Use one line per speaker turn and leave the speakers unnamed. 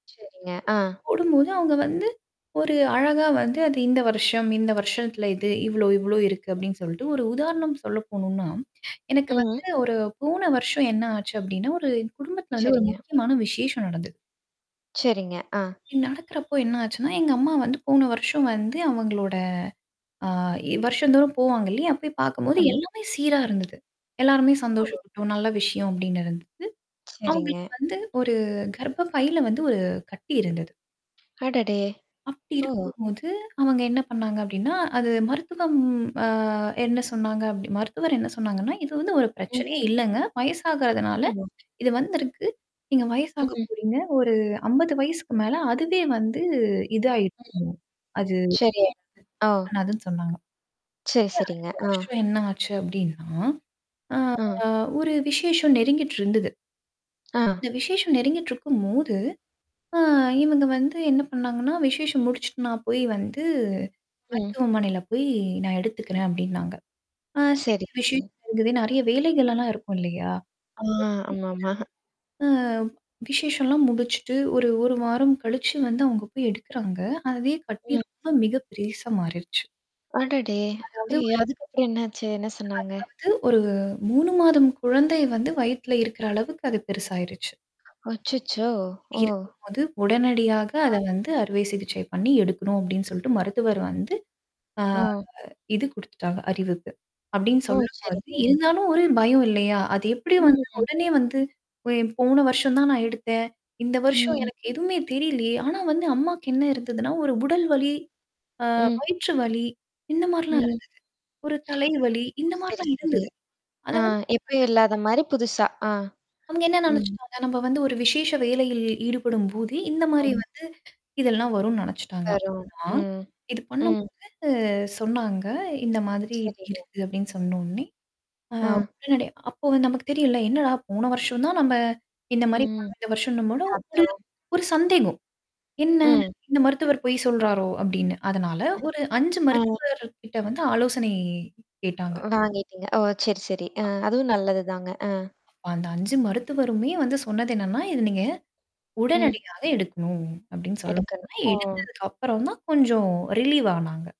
சரிங்க. ஆ.
போடும்போது அங்க வந்து ஒரு அழகா வந்து அது இந்த வருஷம், இந்த வருஷத்துல இது இவ்ளோ இவ்வளோ இருக்கு அப்படின்னு சொல்லிட்டு, ஒரு உதாரணம் சொல்ல போணும்னா, எனக்கு
ம்.
வந்து
ம்.
ஒரு போன வருஷம் என்ன ஆச்சு அப்படின்னா, ஒரு என் குடும்பத்தில வந்து ஒரு
சரிங்க.
முக்கியமான விசேஷம் நடந்தது.
சரிங்க. ஆ.
நடக்கறப்போ என்னாச்சுன்னா, எங்க அம்மா வந்து போன வருஷம் வந்து அவங்களோட ஆ வருஷம்தோறும் போவாங்க இல்லையா போய் பார்க்கும்போது
ஆமா.
எல்லாமே சீரா இருந்தது. எல்லாருமே
ஆமா.
சந்தோஷப்பட்டோம் நல்ல விஷயம் அப்டின்னு இருந்துதது.
சரிங்க.
அவங்களுக்கு வந்து ஒரு கர்ப்ப பைல வந்து ஒரு கட்டி இருந்தது.
அடடே!
அப்படி
ஓ.
இருக்கும்போது, அவங்க என்ன பண்ணாங்க அப்டின்னா, அது மருத்துவம் அ என்ன சொன்னாங்க அப்ட மருத்துவர் என்ன சொன்னாங்கன்னா, இது வந்து ஒரு
ம்.
பிரச்சனையே இல்லங்க. வயசாகறதுனால.
ஆமா.
இது வந்திருக்கு. நீங்க வயசாக
ம்.
போறீங்க ஒரு 50 வயசுக்கு மேல அதுவே வந்து
ம்.
இதயிருக்கு. அது.
சரி. ஆ.
[unintelligible] அதுன்னு சொன்னாங்க. அப்படியே
சரி, சரிங்க.
அடுத்த
ஆ.
வருஷம் என்ன ஆச்சு அப்படின்னா? ஆ
ஆ.
ஒரு விசேஷம் நெருங்கிட்டு இருந்தது.
ஆ.
அந்த விசேஷம் நெருங்கிட்டு இருக்கும்போது. ஆ இவங்க வந்து என்ன பண்ணாங்கன்னா, விசேஷம் முடிச்சுட்டுனா போய் வந்து,
ம்.
மருத்துவமனையில போய் நான் எடுத்துக்கிறேன் அப்டின்னாங்க. ஆ சரி
சரி சரி.
விசேஷம் இருக்குது நெறைய வேலைகள்லாம் இருக்கும் இல்லையா?
ஆ. ஆமாமா.
[unintelligible] அ விசேஷம்லாம் முடிச்சுட்டு, ஒரு ஒரு வாரம் கழிச்சு வந்து அவங்க போய் எடுக்குறாங்க. அதே கட்டி
ம்.
ரொம்ப மிக பெருசா மாறிடுச்சு.
அடடே!
அதாவது
ஐயோ!
ஒரு
அதுக்கப்புறம் என்னாச்சு? என்ன சொன்னாங்க?
அதாவது ஒரு 3 மாதம் குழந்தை வந்து வயித்துல இருக்கிற அளவுக்கு அது பெருசு ஆயிடுச்சு.
அச்சச்சோ! ஓ!
இருக்கும் போது உடனடியாக
ஆ.
அத வந்து அறுவை சிகிச்சை பண்ணி எடுக்கணும் அப்டின்னு சொல்லிட்டு மருத்துவர் வந்து ஆ
ஆ.
இது குடுத்துட்டாங்க அறிவுப்பு. அப்டின்னு
ஓ.
சொல்லும்பொழுது
சரிங்க.
இருந்தாலும் ஒரு பயம் இல்லையா? அது எப்படி வந்து
ம்.
உடனே வந்து? போன வருஷம் தான் நான் எடுத்தேன். இந்த வருஷம்
ம்.
எனக்கு எதுவுமே தெரியலையே. ஆனா வந்து அம்மாக்கு என்ன இருந்ததுன்னா, ஒரு உடல் வலி- ஆ
ம்.
வயிற்றுவலி. இந்த மாரிலாம்
ம்.
இருந்தது? ஒரு தலைவலி இந்த
சரி,
மாரிலாம்
சரி.
இருந்தது. அத
அ
வந்து
எப்பயும்
கண்டுக்கல.
இல்லாத மாரி புதுசா ஆ.
அவுங்க என்ன
ம்.
நினைச்சுட்டாங்க, நம்ம வந்து ஒரு விசேஷ வேலையில் ஈடுபடும்போதே இந்த மாரி
ம்.
வந்து இதெல்லாம் வரும்னு நினச்சுட்டாங்க.
அரு
ஆனா
ம்.
இது
ம்.
பண்ணும்போது சொன்னாங்க இந்த மாதிரி இப்படி
சரிங்க.
இருக்குன்னு சொன்ன உடனே? அ
அ.
உடனடியா அப்போ நமக்கு தெரியல என்னடா போன வருஷம் தான் இந்த
ம்.
மாரி
ம்.
[unintelligible] வருஷம்ன்னும்
பத்தோ.
ஒரு சந்தேகம். என்ன?
ம்.
இந்த மருத்துவர் பொய் சொல்றாரோ அப்படின்னு அதனால ஒரு 5
ஆ.
மருத்துவர் கிட்ட வந்து ஆலோசனை கேட்டாங்க.
வாங்கிட்டீங்க. ஓ! சரி, சரி அ அதுவும் நல்லதுதாங்க. அ.
அந்த 5 மருத்துவருமே வந்து சொன்னது என்னன்னா, இது நீங்க
ம்.
உடனடியா எடுக்கணும் அப்டின்னு சொல்ல போக
எடுக்கணும். ஆ.
எடுத்ததுக்கு அப்புறம் தான் கொஞ்சம் ரிலீவ் ஆனாங்க.